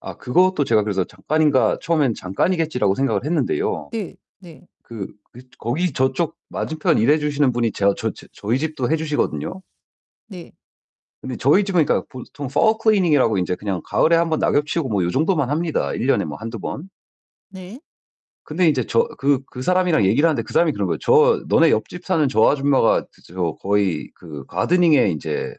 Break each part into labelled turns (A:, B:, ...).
A: 아 그것도 제가 그래서 '잠깐인가?' 처음엔 '잠깐이겠지.'라고 생각을 했는데요.
B: 네. 네.
A: 그 그 거기 저쪽 맞은편 일해 주시는 분이 제 아 저 저 저희 집도 해 주시거든요.
B: 네.
A: 근데 저희 집은 그러니까 보통 fall cleaning이라고 인제 그냥 가을에 1 번 낙엽 치우고 뭐 요 정도만 합니다, 1 년에 뭐 1-2 번.
B: 네.
A: 근데 인제 저 그 그 사람이랑 얘기를 하는데 그 사람이 그러는 거예요. 저 "너네 옆집 사는 저 아줌마가 그 저 거의 그 가드닝에 인제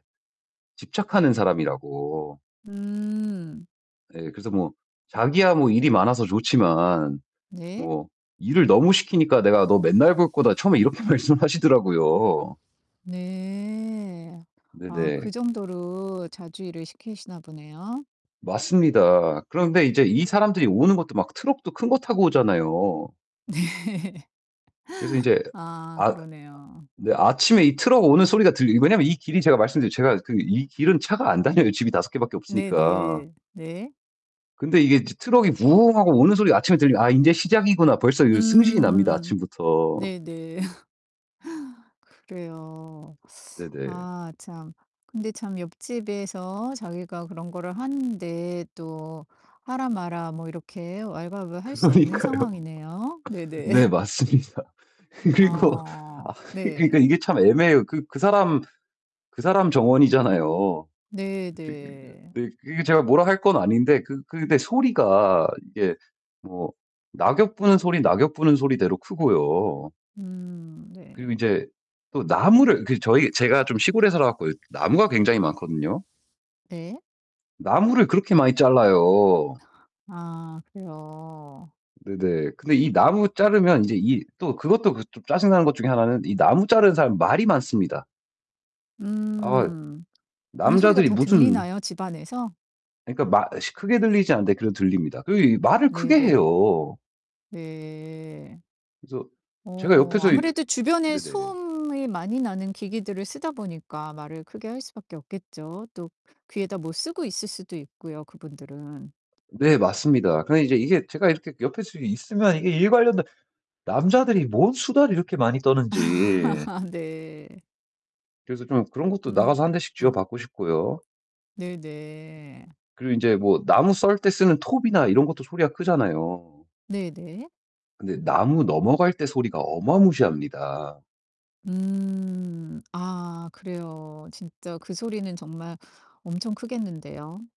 A: 집착하는 사람."이라고.
B: 음.
A: 예 그래서 뭐 자기야 뭐 일이 많아서 좋지만
B: 네.
A: 뭐 일을 너무 시키니까 "내가 너 맨날 볼 거다." 처음에 이렇게 말씀하시더라고요.
B: 네. 아 그
A: 네네.
B: 정도로 자주 일을 시키시나 보네요.
A: 맞습니다. 그런데 이제 이 사람들이 오는 것도 막 트럭도 큰 거 타고 오잖아요.
B: 네.
A: 그래서 인제
B: 아
A: 아
B: 그러네요.
A: 네 아침에 이 트럭 오는 소리가 들려 왜냐면 이 길이 제가 말씀드렸지만 제가 그 이 길은 차가 안 다녀요, 집이 5 개밖에 없으니까.
B: 네네. 네.
A: 근데 이게 인제 트럭이 부웅 하고 오는 소리 아침에 들리면 '아 인제 시작이구나.' 벌써 이 성질이 납니다,
B: 음.
A: 아침부터.
B: 네네. 그래요.
A: 네네.
B: 아 참. 근데 참 옆집에서 자기가 그런 거를 하는데 또 하라 마라 뭐 이렇게 왈가왈부할 수 없는
A: 그러니까요.
B: 상황이네요. 네네.
A: 네 맞습니다. 그리고 아
B: 아
A: 그리 그러니까
B: 네.
A: 이게 참 애매해요. 그 그 사람 그 사람 정원이잖아요.
B: 네
A: [unintelligible]
B: 네.
A: 네 그 이 제가 뭐라 할 건 아닌데 그 그 네 소리가 이게 뭐 낙엽 부는 소리 낙엽 부는 소리대로 크고요.
B: 음
A: 그리고
B: 네.
A: 인제 또 나무를 그 저희 제가 좀 시골에 살아 갖고 나무가 굉장히 많거든요.
B: 네.
A: 나무를 그렇게 많이 잘라요.
B: 아 그래요.
A: 네네. 근데 이 나무 자르면 이제 이 또 그것도 그 좀 짜증 나는 것 중에 하나는 이 나무 자르는 사람 말이 많습니다. 아이
B: 음. 그런 소리가
A: 남자들이
B: 다
A: 무슨
B: 들리나요, 집안에서?
A: 그러니까 말 시 크게 들리지 않는데 그래도 들립니다. 그리고 이 말을 크게
B: 네네.
A: 해요.
B: 네.
A: 그래서 제가
B: 어
A: 옆에서 이
B: 아무래도
A: 이
B: 주변에
A: 네네.
B: 소음이 많이 나는 기기들을 쓰다 보니까 말을 크게 할 수밖에 없겠죠. 또 귀에다 뭐 쓰고 있을 수도 있고요, 그분들은.
A: 네 맞습니다. 그러니까 이제 이게 제가 이렇게 옆에서 좀 있으면 이게 일 관련된 남자들이 뭔 수다를 이렇게 많이 떠는지.
B: 네.
A: 그래서 좀 그런 것도 나가서 1 대씩
B: 음.
A: 쥐어박고 싶고요.
B: 네네.
A: 그리고 인제 뭐 나무 썰 때 쓰는 톱이나 이런 것도 소리가 크잖아요.
B: 네네.
A: 근데 나무 넘어갈 때 소리가 어마무시합니다.
B: 음. 아 그래요. 진짜 그 소리는 정말 엄청 크겠는데요.